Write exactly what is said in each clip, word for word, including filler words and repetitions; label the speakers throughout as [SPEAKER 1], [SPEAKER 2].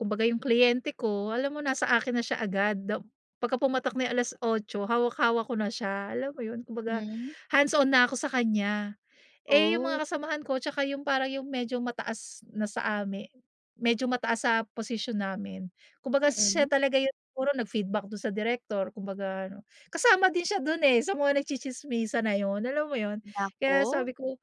[SPEAKER 1] Kumbaga yung kliyente ko, alam mo na sa akin na siya agad. Da pagka pumatak na yung alas-otso, hawak-hawak ko na siya, alam mo 'yun? Kumbaga,
[SPEAKER 2] Hmm.
[SPEAKER 1] hands-on na ako sa kanya. Eh, yung
[SPEAKER 2] Oh.
[SPEAKER 1] mga kasamahan ko 'tsaka yung parang yung medyo mataas na sa ami medyo mataas na sa posisyon namin. Kumbaga, siya
[SPEAKER 2] Mm.
[SPEAKER 1] talaga yung siguro nag-feedback dun sa direktor. Kumbaga ano, kasama din siya dun eh, sa nagtsitsismisan na 'yun. Alam mo 'yun? Kaya
[SPEAKER 2] Naku.
[SPEAKER 1] sabi ko,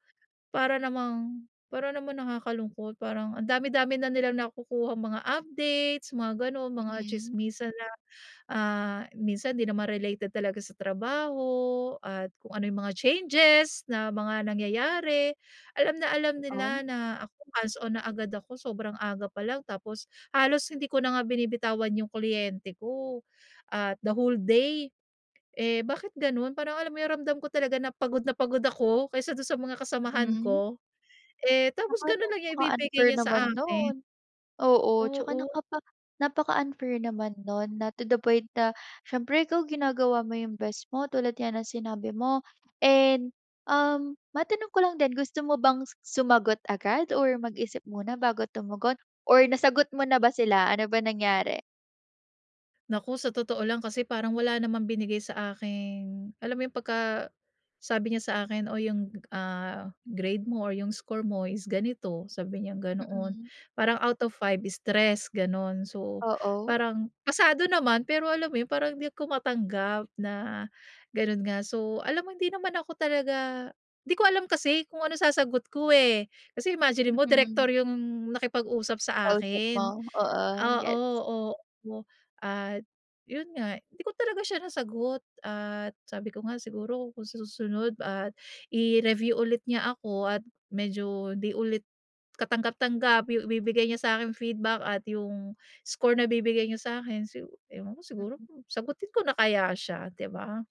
[SPEAKER 1] "Para namang para naman nakakalungkot." Parang, ang dami-dami na nilang nakukuhang mga updates mga ganon, mga
[SPEAKER 2] Mm.
[SPEAKER 1] tsismisan na, ah, minsan 'di naman related talaga sa trabaho at kung ano yung mga changes na mga nangyayari. Alam na alam
[SPEAKER 2] Um.
[SPEAKER 1] nila na ako hands-on na agad ako, sobrang aga pa lang tapos halos hindi ko na nga binibitawan yung kliyente ko, at the whole day. Eh, bakit ganun? Parang alam mo yung nararamdam ko talaga na pagod na pagod ako kaysa dun sa mga kasamahan
[SPEAKER 2] Mhm.
[SPEAKER 1] ko. Eh, tapos
[SPEAKER 2] Tsaka
[SPEAKER 1] ganun lang niya ibibigay
[SPEAKER 2] napaka-unfair
[SPEAKER 1] niya sa
[SPEAKER 2] naman
[SPEAKER 1] akin?
[SPEAKER 2] 'non. Oo. Tsaka
[SPEAKER 1] Oo.
[SPEAKER 2] nakapa napaka-unfair naman 'non, na to the point na siyempre ikaw ginagawa mo yung best mo, tulad nga ng sinabi mo. And, um, matanong ko lang din, gusto mo bang su sumagot agad or mag-isip muna bago tumugon or nasagot mo na ba sila? Ano ba nangyari?
[SPEAKER 1] Naku sa totoo lang kasi parang wala namang binigay sa akin. Alam mo yung pagka sabi niya sa akin o yung ah, "Grade mo or yung score mo is ganito," sabi niyang ganoon.
[SPEAKER 2] Mm.
[SPEAKER 1] Parang out of five is tres, ganon. So
[SPEAKER 2] Oo.
[SPEAKER 1] parang, pasado naman. Pero alam mo parang hindi ko matanggap na ganon nga. So, alam mo hindi naman ako talaga 'di ko alam kasi kung ano sasagot ko eh. Kasi imaginin mo
[SPEAKER 2] Mm.
[SPEAKER 1] direktor yung nakipag-usap sa
[SPEAKER 2] Kausap mo,
[SPEAKER 1] akin.
[SPEAKER 2] oo.
[SPEAKER 1] Oo,
[SPEAKER 2] Yes.
[SPEAKER 1] oo. At 'yun nga. Hindi ko talaga siya nasagot at sabi ko nga siguro kung sa susunod at i-review ulit niya ako at medyo 'di ulit katanggap-tanggap yung ibibigay niya sa akin feedback at yung score na bibigay niya sa akin si ewan ko siguro,
[SPEAKER 2] Mm.
[SPEAKER 1] sagutin ko na kaya siya, di ba?